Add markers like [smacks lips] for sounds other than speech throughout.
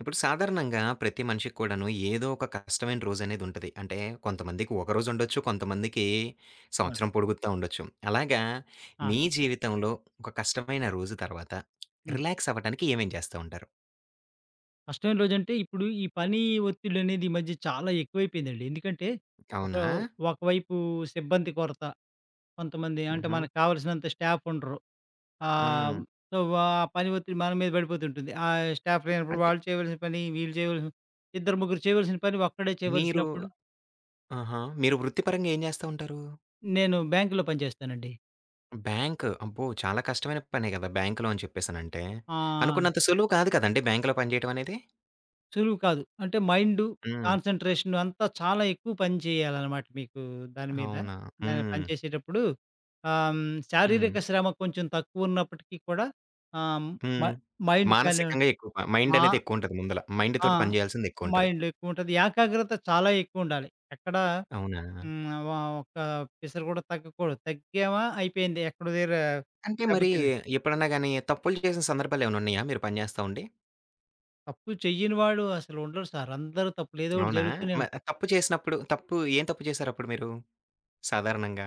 ఇప్పుడు సాధారణంగా ప్రతి మనిషికి కూడా ఏదో ఒక కష్టమైన రోజు అనేది ఉంటది. అంటే, కొంతమందికి ఒక రోజు ఉండొచ్చు. కొంతమందికి ఆ! సంవత్సరం పొడుగుతా ఉండొచ్చు. అలాగా ఆ! మీ జీవితంలో ఒక కష్టమైన రోజు తర్వాత [lip trill] హ్మ్. రిలాక్స్ అవ్వటానికి ఏమేం చేస్తా ఉంటారు? కష్టమైన రోజంటే, ఇప్పుడు ఈ పని ఒత్తిడనేది ఈ మధ్య చాలా ఎక్కువైపోయిందండి. ఎందుకంటే ఒక అవునా? ఒకవైపు సిబ్బంది కొరత. కొంతమంది అంటే, హుహు. మనకు కావాల్సినంత స్టాఫ్ ఉండరు. ఆహ్, హ్మ్. సో, ఆ పని ఒత్తిడి మన మీద పడిపోతుంటుంది. స్టాఫ్ లేనప్పుడు అంటే వాళ్లు చేయవలసిన పని, వీళ్లు చేయవలసిన ఇద్దరు ముగ్గురు చేయవలసిన పని ఒక్కడే మీరు చేయవలసినప్పుడు ఆహా! మీరు వృత్తి పరంగా ఏం జేస్తా ఉంటారు? నేను బ్యాంక్‌లో పని చేస్తానండి. బ్యాంక్ అబ్బో! చాలా కష్టమైన పనే గదా! బ్యాంక్‌లో అని చెప్పేసినంతనే. ఆహ్. అనుకున్నంత సులువు కాదు కదండీ బ్యాంక్‌లో పని జేయడం అనేది. సులువు కాదు. అంటే, మైండు హ్మ్. కాన్సంట్రేషన్ అంతా చాలా ఎక్కువ పని చేయాలనమాట. మీకు దాని మీద, అవునా. పని హ్మ్. చేసేటప్పుడు ఆహ్, శారీరక హ్మ్. శ్రమ కొంచెం తక్కువ ఉన్నప్పటికీ కూడా, ఆహ్, హ్మ్. మ హ్మ్. మైండ్ కానివా మానసికంగా ఎక్కువ ఆ! మైండనేది ఎక్కువుంటది. ముందుల మైండ్ ఆ! తోటి పని చేయాల్సింది ఎక్కువుంటది. మైండ్ ఎక్కువుంటది. ఏకాగ్రత చాలా ఎక్కువ ఉండాలి. ఎక్కడా అవునా. హ్మ్, ఆహ్, వ ఒక్క పిసరు కూడా తగ్గకూడదు. తగ్గామా, అయిపోయింది. ఎక్కడో దెగ్గర అంటే, దెబ్బ మరి తినే ఎప్పుడన్నా గాని తప్పులు చేసిన సందర్భాలేమైనా ఉన్నాయా? మీరు పని జేస్తావుండి? తప్పు చెయ్యనివాడు అసలు ఉండరు సారు. అందరూ తప్పులు ఏదో ఒకటి అవునా జరుగుతూనే మ ఉంటాయి. తప్పు చేసినప్పుడు, తప్పు ఏం తప్పు చేసారప్పుడు మీరు సాధారణంగా?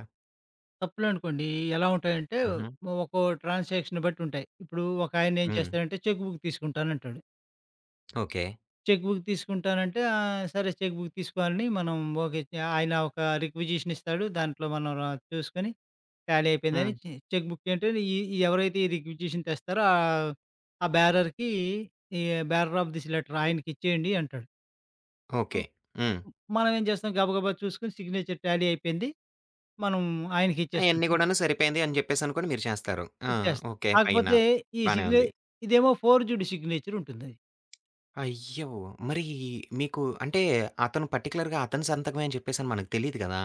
తప్పులునుకోండి. ఎలా ఉంటాయంటే హుహు. ఒకో ట్రాన్సాక్షన్ బట్టి ఉంటాయి. ఇప్పుడు ఒకాయనేం హ్మ్. చేస్తాారంటే చెక్కు బుక్కు తీసుకుంటానంటాడు. ఓకే. చెక్కు బుక్కు తీసుకుంటానంటే ఆహ్, సరే చెక్కు బుక్కు తీసుకోవాలని మనం ఓకే. ఆయన ఒక రిక్విజేషన్ ఇస్తాడు, దాంట్లో మనం ర చూసుకొని, ఖాళి అయిపోయిందని హ్మ్. చె చెక్కు బుక్కు అంటే ఈ ఈ ఎవరైతే ఈ రిగ్విజేషన్ తెస్తారో ఆహ్, ఆ బ్యారర్‌కి ఈ బ్యారర్ ఆఫ్ దిస్ లేటర్ ఆయనకిచ్చేయండి అంటాడు. ఓకే. అవ్ హ్మ్. హ్మ్. మనవేం చేస్తాం గబా గబా చూసుకొని సిగ్నేచర్ ట్యాలీ అయిపోయింది. మనం అయన్నీ ఆయనకిచ్చేస్తుంటాం. కూడాను సరిపోయింది అని చెప్పేసనుకోని మీరు చేస్తారు. ఆ! ఇచ్చేస్తాం ఓకే. ఫైను. కాకపోతే ఈ బానే ఉంది. సిగ్నేచ ఇదేమో ఫోర్జుడు సిగ్నేచరుంటుందది. అయ్యో! మరి మీకు అంటే అతను పర్టిక్యులర్‌గా అతను సంతకమే అని చెప్పేసని మనకు తెలీదు కదా!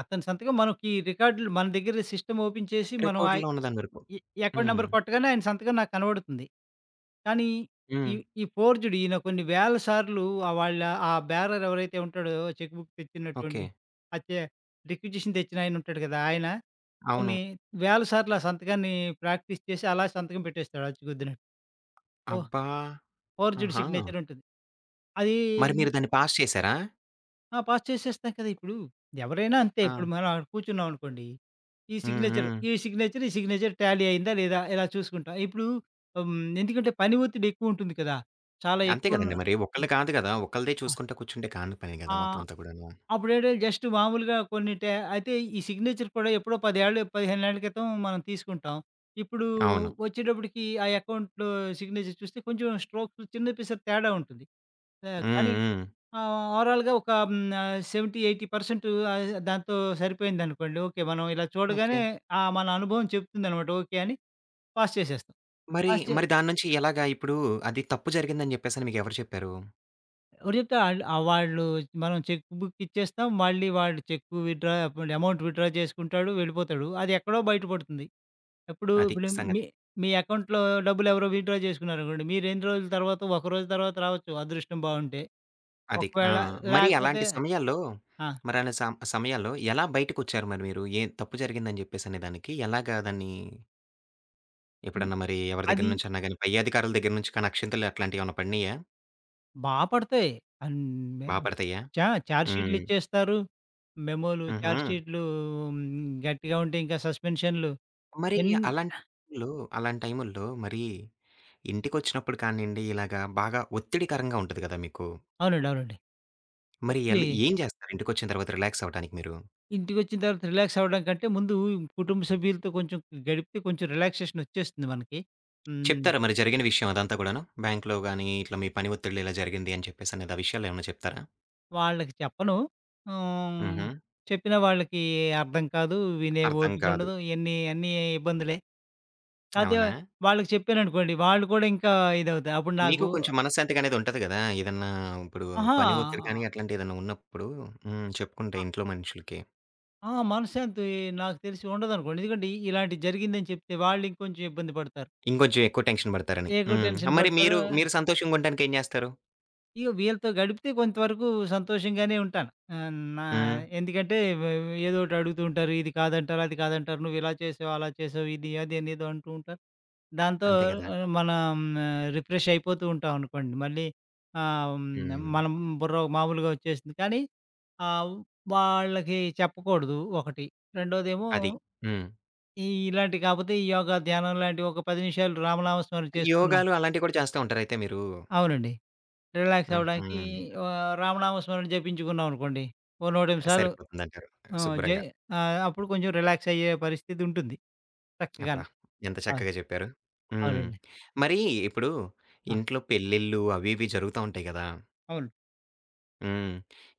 అతని సంతకం మనకి రికార్డ్‌లో మన దగ్గర సిస్టమ్ ఓపెన్ చేసి మనం ఆ రికార్డుల్లో ఉన్నదాని వరకు. ఈ ఎ ఎకౌంట్ హ్మ్. నెంబర్ కొట్టగానే ఆయన సంతకం నాకు కనబడుతుంది. కానీ. ఈ, హ్మ్. ఈ ఫోర్జుడు ఈయన కొన్ని వేల సార్లు వాళ్ళ ఆ బేారర్ ఎవరైతే ఉంటాడో చెక్కు బుక్కు తెచ్చినటువండి ఓకే. అచ్చే రిక్యుజిషన్ తెచ్చినాయన ఉంటాడు కదా! ఆయన. అవును. కొన్ని వేల సార్లు ఆ సంతకాన్ని ప్రాక్టీస్ చేసి అలా సంతకం పెట్టేస్తాడు అచ్చుగుద్దిన్నట్టు. ఓహ్! అబ్బా! ఫోర్జుడ్ ఆహా! సిగ్నేచరుంటుంది. అదీ మరి మీరు దాన్ని పాస్ చేశారా? ఆ! పాస్ చేసేస్తాం కదా! ఇప్పుడు ఎవరైనా అంతే. ఇప్పుడు ఆ! మనం ఆడ కూర్చున్నామనుకోండి, ఈ హ్మ్. సిగ్నేచర్ హ్మ్. ఈ సిగ్నేచర్, ఈ సిగ్నేచర్ ట్యాలీ అయిందా? లేదా? ఇలా చూసుకుంటాం. ఇప్పుడు హ్మ్. ఎందుకంటే పని ఒత్తిడి ఎక్కువుంటుంది కదా! చాలా అంతే ఎక్కువున్న కదండీ మరి. ఆ! ఒకళ్ళు కాదు గదా! ఒకళ్ళదే ఆ! చూసుకుంటా కూర్చుంటే కాని పని ఆ! గదా! మొత్తం అంతా కూడాను. అప్పుడేంటి జస్ట్ మామూలుగా కొన్ని ట్యా అయితే ఈ సిగ్నేచర్ కూడా ఎప్పుడో పదేళ్ళు, పదిహేనేళ్ల క్రితం మనం తీసుకుంటాం. ఇప్పుడు అవును. వచ్చేటప్పటికి ఆ అకౌంట్‌లో సిగ్నేచర్ చూస్తే కొంచెం స్ట్రోకు చిన్న పిసర తేడా ఉంటది. ఆ! హ్మ్, కానీ, హ్మ్. ఆ! ఓవరాల్‌గా ఒక హ్మ్. నా 70, 80 పర్సంటు ఆ దాంతో సరిపోయిందనుకోండి, ఓకే. మనం ఇలా ఓకే. చూడగానే ఆ! మన అనుభవం చెప్తుందనమాట. ఓకే అని పాస్ చేసేస్తాం. మరి, పాస్ చే మరి దాన్నుంచి ఎలాగా ఇప్పుడు అది తప్పు జరిగిందని జెప్పేసని మీకెవరు చెప్పారు? ఎవరు చెప్తారు ఆళ్ళు ఆ! వాళ్ళు మనం చెక్ బుక్ ఇచ్చేస్తాం. మళ్ళీ వాళ్ళు చెక్కు విత్‌డ్రా ఒకవేళ అమౌంట్ విత్‌డ్రా జేసుకుంటాడు, వెళ్ళిపోతాడు. అదేక్కడో బయట పడుతుంది. ఏప్పుడు అది ఇప్పుడు మీ సంగతి. మీ అకౌంట్‌లో డబ్బులెవరో విత్‌డ్రా జేసుకున్నారనుకోండి, మీరు ఎన్ని రోజుల తర్వాత ఒక రోజు తర్వాత రావచ్చు అదృష్టం బావుంటే. అది ఆ! మరి ఒకవేళలేకపోతే అలాంటి సమయాల్లో ఆ! [smacks lips] మరలా స సమయాల్లో ఎలా బయటికొచ్చారు మరి మీరు? ఏం తప్పు జరిగిందని జెప్పేసనే దానికి ఎలాగా దాన్ని ఈ ఎప్పుడన్నా మరీ ఎవరి దగ్గర అది నుంచన్నా గాని, పైధికారుల దగ్గర నుంచి కానీ అక్షింతలు అట్లాంటియేమన్నా పడినయా? బా పడతాయి. అన్ మే బా పడతాయ్యా? చా! ఛార్జ్‌షీట్లు హ్మ్. ఇచ్చేస్తారు. మెమోలు, హుహు. ఛార్జ్‌షీట్లు హ్మ్. గట్టిగా ఉంటే ఇంకా సస్పెన్షన్లు. మరీ ఇయన్ అలాంటి టైముల్లో అలాంటి టైముల్లో మరీ ఇంటికొచ్చినప్పుడు కానియండి, ఇలాగా బాగా ఒత్తిడికరంగా ఉంటది గదా! మీకు. అవునండి. అవునండి. మరి ఎళ్ళు ఒచ్చినియ్. ఏం జేస్తారు ఇంటికొచ్చిన తర్వాత రిలాక్సవ్వటానికి మీరు? ఇంటికొచ్చిన తర్వాత రిలాక్సవ్వడం కంటే ముందు కుటుంబ సభ్యులతో కొంచెం గడిపితే కొంచెం రిలాక్సేషనొచ్చేస్తుంది మనకి. హ్మ్. చెప్తారా మరి జరిగిన విషయం అదంతా కూడాను? బ్యాంక్‌లో గానీ, ఇట్లా మీ పని ఒత్తిడిలో ఇలా జరిగింది అని చెప్పేసనిదా విషయాలేమన్నా చెప్తారా? వాళ్ళకి చెప్పను. హ్మ్. హుహు. చెప్పినా వాళ్ళకి అర్థం కాదు. వినే అర్థం కాదు. ఓపికుండదు. ఎన్ని అన్నీ ఇబ్బందులే. అదే అవునా? వాళ్ళకి చెప్పాననుకోండి, వాళ్ళు కూడా ఇంకా ఇదవుతారు. అప్పుడు మీకు నాకు కొంచెం మనశ్శాంతిగా అనేది ఉంటది గదా! ఏదన్నా ఇప్పుడు అహా! పని ఒత్తిడి కానీ ఆహ్. అట్లాంటి ఏదన్నా ఉన్నప్పుడు హ్మ్. చెప్పుకుంటే ఆ! ఇంట్లో మనుషులకి. ఆ! మనశ్శాంతి నాకు తెలిసి ఉండదనుకోండి. ఎందుకంటే ఇలాంటిది జరిగిందని చెప్తే వాళ్ళింకొంచెం ఇబ్బంది పడతారు. ఇంకొంచెం ఎక్కువ టెన్షన్ బడతారని. ఎక్కువ హ్మ్. టెన్షన్ ఆహ్, మరి పడతారు. మీరు మీరు సంతోషంగుంటానికి ఏం జేస్తారు? ఇగ వీళ్ళతో గడిపితే కొంతవరకు సంతోషంగానే ఉంటాను. ఆహ్, నా హ్మ్. ఎందుకంటే ఏదోకటి అడుగుతూంటారు. ఇది కాదంటారు, అది కాదంటారు. నువ్విలా "చేసావు, అలా చేసావు. ఇది, అదనేదో" అంటూంటారు. దాంతో అంతే గదా! ఆహ్ మనం రిఫ్రెషయిపోతూంటాం అనుకోండి. మళ్ళి ఆహ్, హ్మ్. మనం బుర్ర మామూలుగా ఒచ్చేసింది. కానీ, ఆహ్, వాళ్ళకి చెప్పకూడదు, ఒకటి. రెండోదేమో, అది. హ్మ్. ఈ ఇలాంటివి కాపోతే, ఈ యోగా, ధ్యానం లాంటివి ఒక 10 నిమిషాలు, రామనామ స్మర చేసుకున్నా యోగాలు, అలాంటివి కూడా చేస్తా ఉంటారయితే మీరు? అవునండి. రిలాక్సవ్వడానికి హుహు. ఆహ్, రామనామ స్మరణ జపించుకున్నామనుకోండి, ఓ 108 సార్లు. సరిపోతుందంటారు. ఆ! జే శుభ్రంగా. ఆహ్, అప్పుడు కొంచెం రిలాక్సయ్యే పరిస్థితుంటుంది. [smacks lips] చక్కగాన. అబ్బా! ఎంత ఆ! చక్కగా చెప్పారు? హ్మ్. అవునండి. మరీ, ఇప్పుడు ఆ! ఇంట్లో పెళ్ళిళ్ళు, అవివి జరుగుతాంటాయి కదా! అవును. హ్మ్.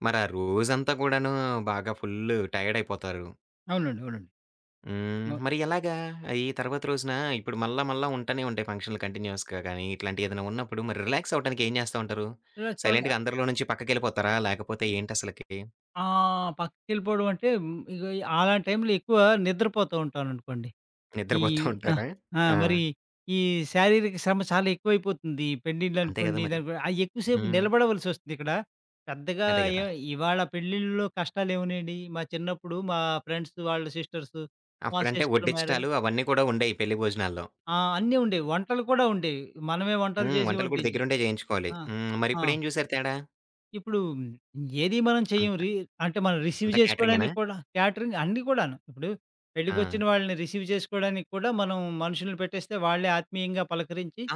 మరా రోజంతా కూడాను, బాగా ఫుల్లు టయాడయిపోతారు. అవునండి. అవునండి. హ్మ్. మ మరి ఎలాగా ఆహ్, ఈ తర్వాత రోజున ఇప్పుడు మళ్ళా, మళ్ళా ఉంటానే ఉంటాయి, ఫంక్షన్‌లు కంటిన్యూస్‌గా గానీ, ఇట్లాంటియేదైనా ఉన్నప్పుడు మరి రిలాక్సవ్వటానికి ఏం జేస్తా ఉంటారు? రిలాక్సవుతా సైలెంట్‌గా అందరిలో నుంచి పక్కకెళ్ళిపోతారా? లేకపోతే ఏంటసలకి? ఆ! పక్కకెళ్ళిపోవడం అంటే, ఇగ అలాంటి టైంలో ఎక్కువ నిద్రపోతూంటాననుకోండి. ఈ ఆ! నిద్రపోతూంటారా? ఆ! ఆ! మరి, ఈ శారీరక శ్రమ చాలా ఎక్కువైపోతుంది. ఈ అంతే గదా పెండిండ్లనుకోండి, మరి. దానికో ఆహ్, ఎక్కువసేపు హ్మ్. నిలబడవలసొస్తుంది ఇక్కడ. పెద్దగా అదే ఏ గదా! ఇవాళ పెళ్ళిల్లో కష్టాలేమునాయండి? మా చిన్నప్పుడు, మా ఫ్రెండ్స్ వాళ్ళ సిస్టర్సు. మా అప్పుడంటే, సిస్టర్ మ్యారేజ్. వడ్డించడాలు అవన్నీ కూడా ఉండేాయి, పెళ్లి భోజనాల్లో. ఆ! అన్నీ ఉండేవి. వంటలు కూడా ఉండేవి. మనమే వంటలు హ్మ్. చేసి వంటలు కూడా వడ్డించి దగ్గరుండే చేయించుకోవాలి. ఆ! హ్మ్. ఆ! మరిప్పుడేం జూసారు తేడా? ఇప్పుడు ఏది మనం చెయ్యం. అంత. రి అంటే మనం రిసీవ్ అంత క్యాటరింగేనా? చేసుకోవడానికి కూడా, క్యాటరింగ్ అన్నీ కూడాను. ఇప్పుడు, పెళ్ళకొచ్చిన ఆ! వాళ్ళని రిసీవ్ చేసుకోవడానికి కూడా మనం మనుషుని పెట్టేస్తే వాళ్ళే ఆత్మీయంగా పలకరించి ఆ!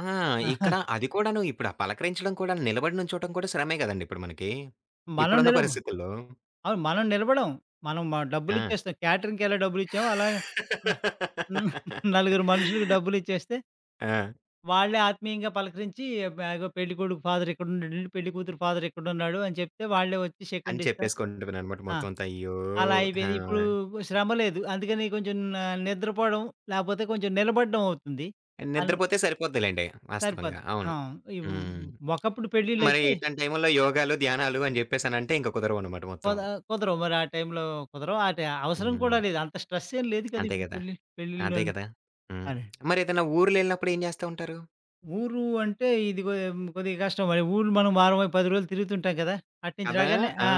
ఇక్కడ [chuckles] అది కూడాను, ఇప్పుడు పలకరించడం కూడాను, నిలబడినుంచోడం కూడా శ్రమే కదండీ ఇప్పుడు మనకి! మనం ఇప్పుడున్న నిలబం పరిస్థితుల్లో. అవును. మనం నిలబడం. మనం మ ఆ! డబ్బులిచ్చేస్తాం. క్యాటరింగ్‌కెలా డబ్బులిచ్చామో అలాగ. లా [giggles] [laughs] నలుగురు మనుషులకి డబ్బులిచ్చేస్తే... ఆ! వాళ్ళే ఆత్మీయంగా పలకరించి, మె ఇగో పెళ్ళికొడుకు ఫాదరిక్కడున్నడండి, పెళ్ళికూతురు ఫాదరిక్కడున్నాడు అని చెప్తే వాళ్ళే వచ్చి అని షేకండ్ ఇస్తా. చెప్పేసుకుంటావనమాట ఆ! మొత్తం అంతా. అయ్యో! అలా ఆ! అయిపోయింది. ఇప్పుడు శ్రమ లేదు, అందుకని కొంచెం న నిద్రపోవడం లేకపోతే కొంచెం నిలబడ్డం అవుతుంది. అన్ నిద్రపోతే సరిపోద్ది లెండి. వాస్తవంగా. సరిపోద్ది. అవును. ఆ! ఇవ్ హ్మ్, హ్మ్. హ్మ్, ఒకప్పుడు మరి పెళ్ళిళ్ళైతే ఇట్లాంటి టైముల్లో యోగాలు, ధ్యానాలు అని చెప్పేసినంటే ఇంకా కుదరవనమాట మొత్తం. కొద కుదరవు. మరి ఆ టైంలో కుదరవు. ఆ టా అవసరం కూడా హ్మ్. లేదు. అంత స్ట్రెసేం లేదు కదా! అంతే ఇప్పుడు కదా! పెళ్ళి. అదే పెళ్ళిల్లోని. కదా! హ్మ్. అదే. మరేదైనా ఊర్లేళ్ళినప్పుడు ఏం చేస్తా ఉంటారు? ఊరు అంటే, ఇదిగో హ్మ్, కొద్దిగా కష్టం మరి ఊరు మనం వారం, 10 రోజులు తిరుగుతుంటాం కదా! అటు నుంచి కదా! రాగానే ఆ! ఆ!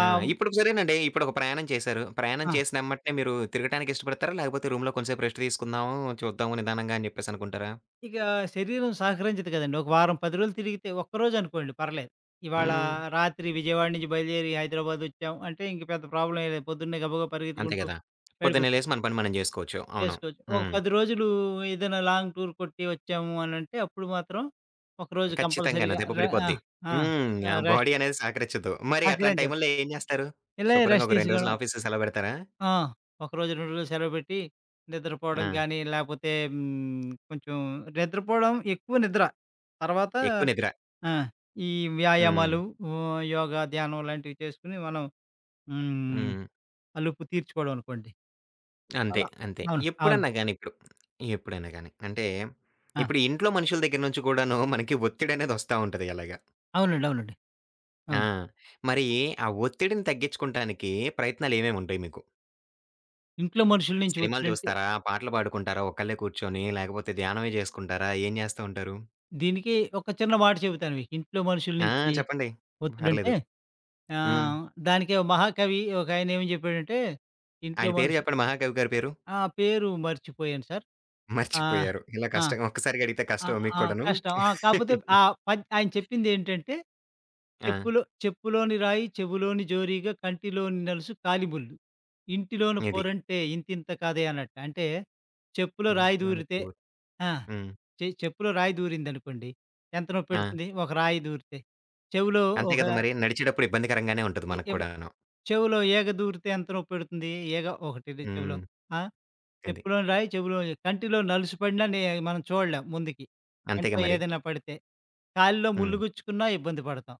ఆ! ఇప్పుడు సరేనండి, ఇప్పుడు ఒక ప్రయాణం చేశారు, ప్రయాణం ఆ! చేసినెమ్మట్నే మీరు తిరగటానికిష్టపడతారా? లేకపోతే రూమ్‌లో కొంచెం సేపు రెస్టు తీసుకుందాము, చూద్దాము నిదానంగా అని చెప్పేసని అనుకుంటారా? ఇకా శరీరం సహకరించదు కదండీ! ఒక వారం రోజులు తిరిగితే ఒక్కరోజనుకోండి పర్లేదు. ఇవాళ హ్మ్. రాత్రి విజయవాడ నుంచి బయలుదేరి హైదరాబాదొచ్చాం. అంటే, ఇంక పెద్ద ప్రాబ్లమేం లేదు. పొద్దున్నే గబ్బగా అంతే పరిగెత్తుకుంటూ కదా! పొద్దున్నే వెళిపోతాం. లేసి మన పని మనం చేసుకోవచ్చు. అవును. చేసుకోవచ్చు. ఒక హ్మ్. 10 రోజులు ఏదైనా లాంగ్ టూర్ కొట్టి వచ్చాము అనంటే అప్పుడు మాత్రం, ఒకరోజు ఖచ్చితంగాను కంపల్సరీగా దెబ్బ రే ఆ! పడిపోద్ది. ఆ! హ్మ్. ఆ! ఆ రష్ బాడీ అనేది సహకరించద్దు. మరి అట్లాంటి సహకరించదు. టైముల్లో ఏం చేస్తారు? ఎళ్ళెక శుభ్రంగా రెస్టు ఒక 2 రోజులు తీసుకోవడం ఆఫీసుకి సెలవు పెడతారా? ఆ! ఒక రోజు, 2 రోజులు సెలవు పెట్టి, నిద్రపోవడం ఆ! గానీ లేపోతే హ్మ్, కొంచెం నిద్రపోవడం, ఎక్కువ నిద్ర. తర్వాత ఎక్కువ నిద్ర. ఆ! ఈ హ్మ్. వ్యాయామాలు, హ్మ్, వా యోగా, ధ్యానం ఇలాంటివి చేసుకొని మనం హ్మ్, హ్మ్. అలుపు తీర్చుకోవడం అనుకోండి. అంతే, అలా అంతే. అవును. అవును. ఎప్పుడన్నా గాని, ఇప్పుడు ఎప్పుడైనా గాని అంటే, ఆ! ఇప్పుడు ఇంట్లో మనుషుల దగ్గర నుంచి కూడాను, మనకి ఒత్తిడనేదొస్తా ఉంటది అలాగా. అవునండి. అవునండి. ఆ! అవును. మరి ఆ ఒత్తిడిని తగ్గించుకోంటానికి, ప్రయత్నాలేమేముంటాయి మీకు? ఇంట్లో మనుషుల నుంచి సినిమాలు ఒత్తిడంటే చూస్తారా? పాటలు పాడుకుంటారా? ఒక్కళ్ళే కూర్చొని లేకపోతే ధ్యానమే జేసుకుంటారా? ఏం జేస్తా ఉంటారు? దీనికి ఒక చిన్న మాట చెబుతాను మీకు ఇంట్లో మనుషుల ఆ! నుంచి. చెప్పండి. పర్లేదు. ఒత్తిడింటే, హ్మ్. ఆహ్, దానికి ఓ మహాకవి ఒకాయన ఏమని జెప్పాడంటే ఇంట్లో ఆయన పేరు మనిషి జెప్పండి మహాకవి గారి పేరు. ఆ! పేరు మర్చిపోయాను సార్. ఆహ్, మర్చిపోయారు. ఇలా ఆ! కష్టం ఒక్కసారిగ అడిగితే ఆహ్, కష్టమా ఆ! మీక్కూడను? కష్టం ఆ! కాకపోతే ఆ [laughs] పద్ ఆయన చెప్పిందేంటంటే, ఆ! చెప్పులు చెప్పులోని రాయి చెవులోని జోరీగా కంటిలోని నలుసు కాలిముల్లు. ఇంటిలోన ఇది. పోరంటే ఇంతింత కాదే అన్నట్టు. అంటే చెప్పులో రాయి దూరితే ఇంటిలోనుకో ఆ! హ్మ్. చె చెప్పులో రాయి దూరిందనుకోండి. ఎంత ఆ! నొప్పెడుతుంది? ఒక రాయి దూరితే? చెవులో అంతే ఒక గదా! మరి ఆహ్ నడిచేటప్పుడు ఇబ్బందికరంగానే ఉంటది ఎ మనకి ఎవ కూడాను. చెవులో ఈగ దూరితే ఎంత నొప్పెడుతుంది? ఈగ ఒకటిది చెవులో హ్మ్. ఆ! అది. చెప్పులోని రాయి చెవులో కంటిలో నలుసిపడినాని మనం చూడలేం ముందుకి. అంతేగా కంట్లో మరి. ఏదైనా పడితే. కాలిలో ముల్లు హ్మ్. గుచ్చుకున్నా ఇబ్బంది పడతాం.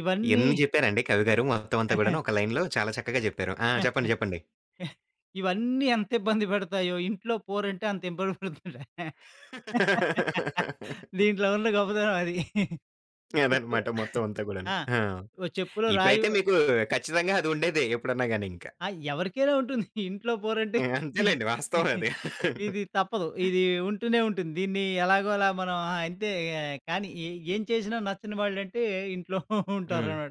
ఇవన్నీ ఎన్ని చెప్పారండి కవిగారు మొత్తం అంతా గూడాను [chuckles] ఒక లైన్‌లో చాలా చక్కగా జెప్పారు. ఆ! [chuckles] చెప్పండి చెప్పండి. ఇవన్నీ ఎంత ఇబ్బంది పెతాయో, ఇంట్లో పోరంటే అంత ఇబ్బంది పడుతుంటా. [laughs] [laughs] దీంట్లో ఉన్న గొప్పతనం అది. చెప్పు అదనమాట మొత్తం అంతా గూడాను. ఆ! ఆ! ఓ చెప్పులో రాయి ఇప్పుడైతే మీకు ఖచ్చితంగా అది ఉండేదే ఎప్పుడన్నా గాని ఇంకా. ఆ! ఎవరికైనా ఉంటుంది. ఇంట్లో పోరంటే. ఆ! అంతేలెండి వాస్తవం అది. [laughs] ఇది తప్పదు. ఇది ఉంటూనే ఉంటుంది. దీన్ని ఎలాగోలా మనం ఆ! అంతే ఇక కానీ ఏ ఏం చేసినా నచ్చని వాళ్ళంటే ఇంట్లో [giggles] హ్మ్. ఉంటారన్నా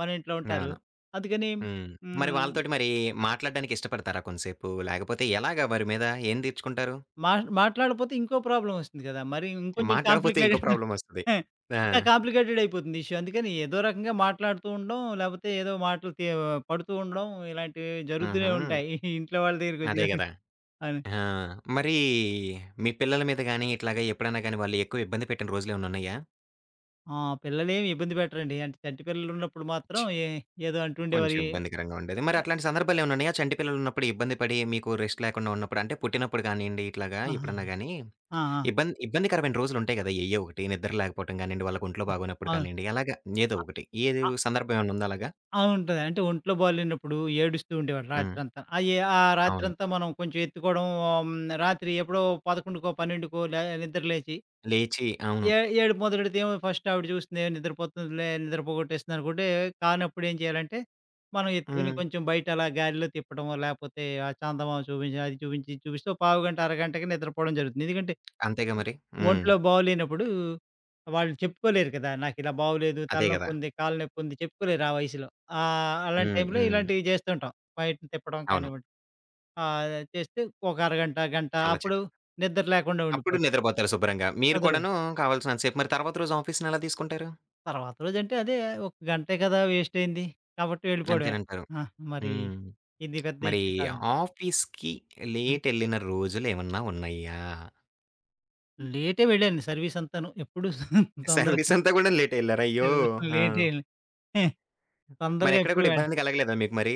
మన ఇంట్లో ఉంటారు. అవును. అందుకనీ హ్మ్. మరి హ్మ్. వాళ్ళతోటి మరి మాట్లాడడానికి ఇష్టపడతారా కొంసేపు? లేకపోతే ఎలాగ వారి మీద ఏం తీర్చుకుంటారు? మాట్ మాట్లాడకపోతే ఇంకో ప్రాబ్లమొస్తుంది గదా! మరి ఇంకొంచెం మాట్లాడకపోతే ఇంకో కాంప్లికేటెడ్. ప్రాబ్లమొస్తది. [chuckles] ఆ! ఇంకా కాంప్లికేటెడయిపోతుంది ఇష్యూ అందుకని ఏదో రకంగా మాట్లాడుతూ ఉండడం, లేకపోతే ఏదో మాటలు తీ ఆహ్, పడుతూ ఉండడం ఇలాంటివి జరుగుతూనే ఆహా! ఉంటాయి. [giggles] ఇంట్లో వాళ్ళ దగ్గరకొచ్చేటప్పటికి అదే [giggles] గదా! అవును. ఆ! మరీ మీ పిల్లల మీద గాని ఇట్లాగా ఎప్పుడన్నా గాని వాళ్ళు ఎక్కువ ఇబ్బంది పెట్టిన రోజులేమన్నా ఉన్నాయా? ఆ! పిల్లలేమి ఇబ్బంది పెట్టరండి. అంటే చంటి పిల్లలున్నప్పుడు మాత్రం ఏ ఏదో అంటుండే కొంచెం మరీ. ఇబ్బందికరంగా ఉండేది. మరి అట్లాంటి సందర్భాలేమన్నా ఉన్నాయా? చంటిపిల్లలున్నప్పుడు ఇబ్బంది పడి మీకు రెస్ట్ లేకుండా ఉన్నప్పుడు అంటే పుట్టినప్పుడు గానియండి ఇట్లాగా, ఎప్పుడన్నా ఆహాహా! గాని? ఆ! ఆ! ఇబ్బంది ఇబ్బందికరమైన రోజులుంటాయి గదా! ఎయ్యో ఒకటి నిద్ర లేకపోవటం గానియండి, వాళ్ళకి ఒంట్లో హ్మ్. బాగనొప్పుడు అవును! కానియండి, అలాగా ఏదో ఆహ్, ఒకటి. ఏది ఆహ్. వ్ సందర్భమేమైనా ఉందా అలాగా? ఆ! ఉంటది. అంటే ఒంట్లో బాలేనప్పుడు ఏడుస్తూ ఉండేవాళ్ళు హ్మ్. రాత్రంతా. అయ్యి ఆ అవును. రాత్రంతా మనం కొంచెం ఎత్తుకోవడం హ్మ్, రాత్రి ఎప్పుడో 11కో, 12కో లే నిద్ర లేచి... లేచి అవును. ఏ ఏడుపు మొదలెడుతేమో ఫస్ట్ ఆవిడ చూస్తుంది, ఏ నిద్రపోతుందిలే, నిద్రపోగొట్టేస్తుందనుకుంటే, కానప్పుడు ఏం చేయాలంటే, మనం ఎత్తుకొని హ్మ్. కొంచెం బయట అలా గాలిలో తిప్పడమో లేకపోతే, ఆ చందమామ చూపించి, అది చూపించి, ఇది చూపిస్తే పావుగంట, అరగంటకే నిద్రపోవడం జరుగుతుంది. ఎందుకంటే... అంతేగా మరి. హ్మ్. ఒంట్లో బాగులేనప్పుడూ, వాళ్ళు చెప్పుకోలేరు కదా! నాకు ఇలా బాగులేదు, అదే గదా! తలనొప్పుంది, కాళ్ళ నొప్పుంది చెప్పుకోలేరు ఆ వయసులో. ఆహ్, ఆ అలాంటి హ్మ్. టైంలో హ్మ్. ఇలాంటివి చేస్తూంటాం. బయటని తిప్పడం అవును. కానివ్వండి. ఆహ్ అది చేస్తే ఒక అరగంట గంట అలా చే అప్పుడు నిద్ర లేకుండా అప్పుడు ఉండిపోద్ది. నిద్రబోతారు శుభ్రంగా. మీరు అందరు. కూడాను కావాల్సినంత సేపు, మరి తర్వాత రోజు ఆఫీస్‌ని ఎలా తీసుకుంటారు? తర్వాత రోజంటే అదే ఒక గంటే కదా! వేస్ట్ అయింది. కాబట్టి వెళ్ళిపోవడమే. అంతేనంటారు. ఆ! మరీ హ్మ్. ఇది పెద్ద మరి ఇష్యూ కాదండి. ఆఫీస్‌కి హ్మ్. లేటెళ్ళిన రోజులేమన్నా ఉన్నాయా? లేటే వెళ్ళాను సర్వీస్ అంతాను. ఎప్పుడు [chuckles] తొందరగా సర్వీస్ అంతా గూడా లేటెళ్లారు అయ్యో! [chuckles] ఆ! లేటే ఎల్ తొందరగా మరెక్కడా ఎప్పుడు గూడా వెల్ ఇబ్బంది కలగలేదా మీకు మరి?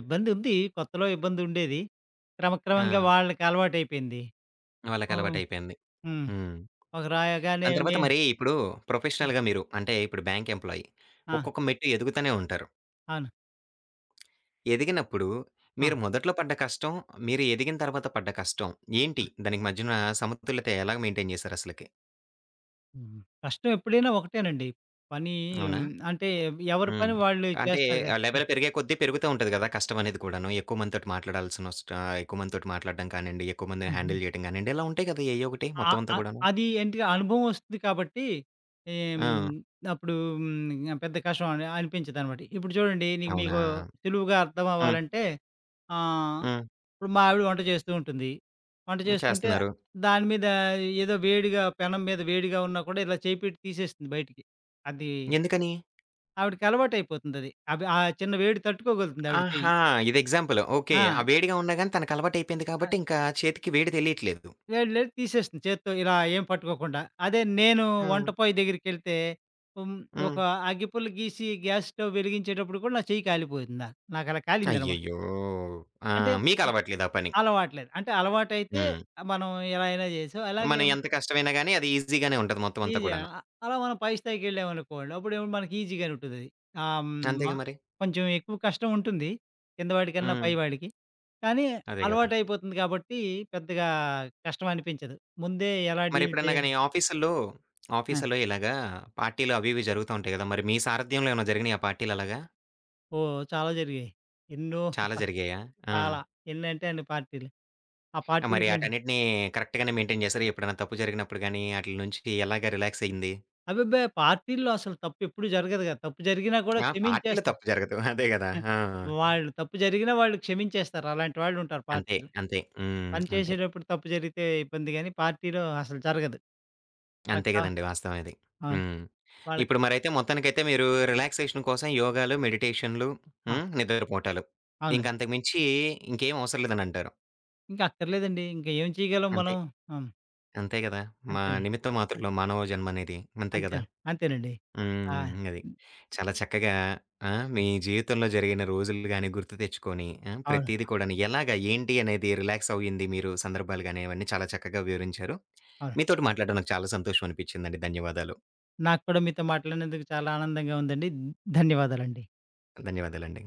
ఇబ్బందుంది. కొత్తలో ఇబ్బందుండేది. క్రమక్రమంగా ఆ! వాళ్ళకలవాటైపోయింది. ఆ! వాళ్ళకలవాటైపోయింది. హ్మ్. హ్మ్. ఒకరు దాని అనగానేమి తర్వాత మరీ ఇప్పుడు ఆ! ప్రొఫెషనల్‌గా మీరు అంటే ఇప్పుడు బ్యాంక్ ఎంప్లాయీ ఆ! ఒక్కొక్క మెట్టు ఎదుగుతానే ఉంటారు. అవును. ఎదిగినప్పుడు ఆ! మీరు మొదట్లో పడ్డ కష్టం, మీరు ఎదిగిన తర్వాత పడ్డ కష్టం, ఏంటి? ఆ! దానికి మధ్యన సమతుల్యత ఎలాగ మెయిన్‌టైన్ జేశారసలకి? హుహు. కష్టం ఎప్పుడైనా ఒకటేనండి. పనీ అవునా! హ్మ్. అంటే ఎవరి హ్మ్. పని వాళ్ళు అంటే, చేస్తారుగా ఆ ఆ! లెవెల్ పెరిగే కొద్దీ పెరుగుతా ఉంటది కదా! కష్టమనేది కూడాను. ఎక్కువ మందితోటి మాట్లాడాల్సినొస్టా ఆ! ఎక్కువ మందితోటి మాట్లాడ్డం కానిండి, ఎక్కువ మందిని హుహు. హ్యాండిల్ చేయడం కానిండి, ఇలా ఉంటాయి కదా! ఎయ్యో ఒకటి అ మొత్తం అంతా అ కూడాను. అది ఏంటిగా అనుభవం వస్తుంది కాబట్టి, ఏం ఆ! అప్పుడు హ్మ్, ఇంగ పెద్ద కష్టం అని అనిపించిదనమాట. ఇప్పుడు చూడండి నీకు అవునా! మీకు సులువుగా హ్మ్. అర్థమవ్వాలంటే ఆహ్, హ్మ్. ఇప్పుడు మా ఆవిడ వంట జేస్తూ ఉంటుంది. వంట హ్మ్. జేస్తుంటే చేస్తున్నారు. దాని మీద ఏదో వేడిగా పెనం మీద వేడిగా ఉన్నా కూడా ఇలా చేయి పెట్టి తీసేస్తుంది బయటికి అది... ఎందుకని? ఆవిడికి అలవాటైపోతుందది. అది ఆ చిన్న వేడి తట్టుకోగలుతుంది ఆవిడ చెయ్యి. ఆహా! ఇది ఎగ్జాంపుల్. ఓకే. ఆ ఆ! వేడిగా ఉన్నా గాని తనకలవాటయిపోయింది ఆ! కాబట్టి ఇంకా చేతికి వేడి తెలియట్లేదు. వేడి లేదు తీసేస్తుంది చేత్తో ఇలా ఏం పట్టుకోకుండా. అదే నేను ఆ! వంటపోయి దగ్గరికెళ్తే, హ్మ్. హ్మ్. ఒక అగ్గిపుల్ల గీసి గ్యాస్ స్టవ్ వెలిగించేటప్పుడు కూడా నా చెయ్యి కాలిపోయింది నాకు. నాకలా కాలిందనమా అయ్యయ్యో! ఆ! అంటేం, మీకలవాట్లేదా పని. అలవాటు లేదు. అంటే అలవాటైతే హ్మ్. మనం ఎలా అయినా చేశాం. మనం అలాగేం ఎంత కష్టమైనా గానీ అది ఈజీగానే ఉంటది మొత్తం అంతా ఈజీగా కూడాను. ఆ! అలా మనం పై స్థాయికెళ్ళామనుకోండి. అప్పుడేమంటే మనకి ఈజీగానూ ఉంటదది. హ్మ్ మా అంతేగా మరి? కొంచెం ఎక్కువ కష్టం ఉంటుంది. కింద వాడికన్నా, పై హ్మ్. వాడికి. కానీ అదే గదా! అలవాటయిపోతుంది గాబట్టి పెద్దగా కష్టం అనిపించదు. ముందే ఎలా మరి డీల్ ఎప్పుడన్నా చేయ గాని ఆఫీసుల్లో, ఆ! ఆఫీసుల్లో ఇలాగా పార్టీలు అవి ఇవి జరుగుతా ఉంటాయి గదా! మరి మీ సారథ్యంలో ఏమన్నా జరిగినియా పార్టీలలాగా? ఓహ్! చాలా జరిగాయి. ఎన్నో! చాలా [chuckles] జరిగాయా? ఆ! చాలా ఎన్నింటే అన్ని పార్టీలు. ఆ మరి పార్టీలకేం ఆటన్నిటిని కరెక్ట్‌గానే మెయింటైన్ జేసారా? ఎప్పుడైనా తప్పు జరిగినప్పుడు గానీ, ఆటిల నుంచి ఎలాగ రిలాక్స్ అయింది? అబ్బెబ్బే! పార్టీల్లో అసలు తప్పెప్పుడు జరగదు కదా! తప్పు జరిగినా కూడా ఆ! పార్టీలో క్షమించేస్తా. తప్పు జరగదు. అదే గదా! హ్మ్. ఆ! వాళ్ళు తప్పు జరిగిన వాళ్ళు క్షమించేస్తారు. అలాంటి వాళ్ళుంటారు అంతే, పార్టీలో. అంతే. హ్మ్. పని అంతే. చేసేటప్పుడు తప్పు జరిగితే ఇబ్బందిగానీ. పార్టీలో అసలు జరగదు అంతే అక్కడ గదండీ వాస్తవం ఇది. ఆ! హ్మ్. వాళ్ళకి ఇప్పుడు మరైతే మొత్తానికైతే మీరు రిలాక్సేషన్ కోసం యోగాలు, మెడిటేషన్‌లు ఆ! హ్మ్, నిద్రపోటాలు. అవునండి. ఇంకంతకు మించి ఇంకేమవసరం లేదనంటారు? ఇంకా అక్కర్లేదండి. ఇంకా ఏం చేయగలం అంతే. మనం? హ్మ్. అంతే గదా! మా అంతేనండి. నిమిత్త మాతృలం మానవజన్మనేది. అంతే కదా! అంతేనండి. అంతేనండి. ఆ! హ్మ్. అది. హ్! చాలా చక్కగా ఆహ్, మీ జీవితంలో జరిగిన రోజులు గాని, గుర్తు తెచ్చుకొని ఆహ్, అవును. ప్రతీది కూడాను ఎలాగా? ఏంటి? అనేది రిలాక్స్ అయింది మీరు సందర్భాలు గాని అవన్నీ చాలా చక్కగా వివరించారు. అవునండి. మీతోటి మాట్లాడడం నాకు చాలా సంతోషం అనిపించిందండి. ధన్యవాదాలు. నాకు కూడా మీతో మాట్లాడినందుకు చాలా ఆనందంగా ఉందండి. ధన్యవాదాలండి. ధన్యవాదాలండి.